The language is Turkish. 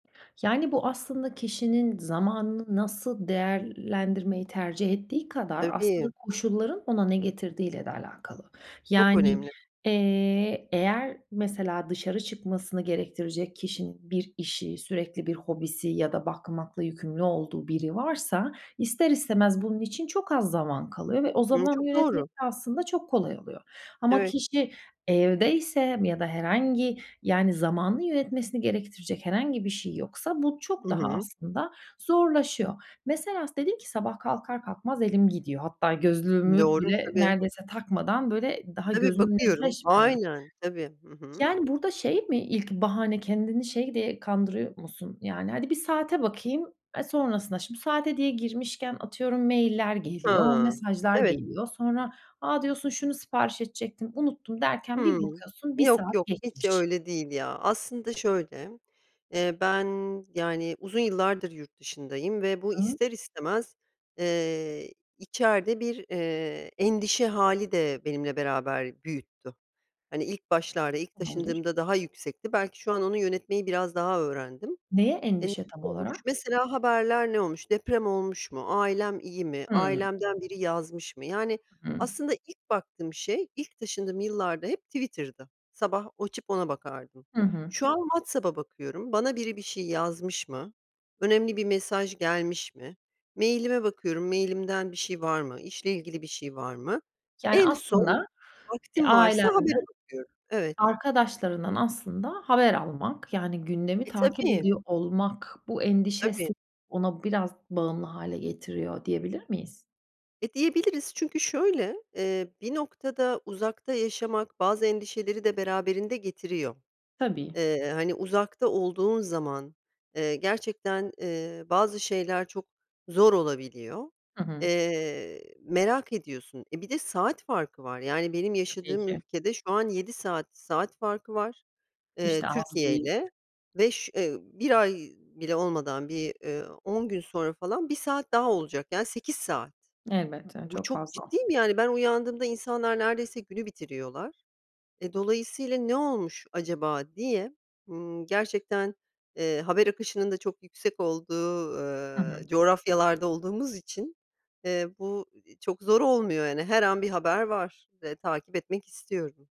Yani, bu aslında kişinin zamanını nasıl değerlendirmeyi tercih ettiği kadar, aslında Tabii. koşulların ona ne getirdiğiyle de alakalı. Çok Yani, önemli. eee, eğer mesela dışarı çıkmasını gerektirecek kişinin bir işi, sürekli bir hobisi ya da bakmakla yükümlü olduğu biri varsa, ister istemez bunun için çok az zaman kalıyor ve o Iıı, zamanı çok yönetmek doğru. de aslında çok kolay oluyor. Ama Evet. kişi evdeyse ya da herhangi, yani, zamanı yönetmesini gerektirecek herhangi bir şey yoksa, bu çok Hı daha hı. aslında zorlaşıyor. Mesela s dedin ki, sabah kalkar kalkmaz elim gidiyor. Hatta gözlüğümü Doğru, bile tabii. neredeyse takmadan böyle daha Tabii, gözümü bakıyorum. netleşmeden. Aynen, tabii. Hı hı. Yani, burada şey mi, ilk bahane kendini şey diye kandırıyor musun? Yani, hadi bir saate bakayım, eee, sonrasına şimdi saate diye girmişken, atıyorum mailler geliyor, Ha, mesajlar evet. geliyor. Sonra a, diyorsun, şunu sipariş edecektim, unuttum, derken bir Hıı. bakıyorsun 1 Yok, saat yok, hiç geçmiş. öyle değil ya. Aslında şöyle, eee, ben yani uzun yıllardır yurt dışındayım ve bu Hıı. ister istemez, ııı, içeride bir, iii, endişe hâli de benimle beraber büyüttü. Hani, ilk başlarda, ilk Tamamdır. taşındığımda, daha yüksekti. Belki şu an onu yönetmeyi biraz daha öğrendim. Neye E, ne endişe tam olmuş? olarak? Mesela haberler ne olmuş? Deprem olmuş mu? Ailem iyi mi? Hıı. Ailemden biri yazmış mı? Yani [unintelligible] aslında ilk baktığım şey, ilk taşındığım yıllarda hep Twitter'dı. Sabah açıp ona bakardım. Hı hı. Şu an WhatsApp'a bakıyorum. Bana biri bir şey yazmış mı? Önemli bir mesaj gelmiş mi? Mailime bakıyorum, mailimden bir şey var mı? İşle ilgili bir şey var mı? Yani, En son aslında, eee, vaktim varsa habere ailenden, bakıyorum. Evet. arkadaşlarından aslında haber almak, yani gündemi E, takip tabii. ediyor olmak bu Tabii. endişesi ona biraz bağımlı hâle getiriyor diyebilir miyiz? E, diyebiliriz çünkü şöyle, eee, bir noktada uzakta yaşamak, bazı endişeleri de beraberinde getiriyor. Tabii. Iıı, hani uzakta olduğun zaman, ııı, gerçekten, ııı, bazı şeyler çok zor olabiliyor. Hı hı. Eee, merak ediyorsun. E, bir de saat farkı var. Yani benim Tabii yaşadığım ki. ülkede şu an 7 saat, saat farkı var, Hiç eee, de az Türkiye değil. ile. Ve ş ııı, 1 ay bile olmadan bir, ııı, 10 gün sonra falan 1 saat daha olacak. Yani 8 saat. Elbette, Bu çok çok fazla. ciddiyim, yani ben uyandığımda insanlar neredeyse günü bitiriyorlar. E, dolayısıyla ne olmuş acaba diye, ımm, gerçekten, eee, haber akışının da çok yüksek olduğu, Hı hı. ııı, coğrafyalarda olduğumuz için, eee, bu i çok zor olmuyor yani, her an bir haber var ve takip etmek istiyorum.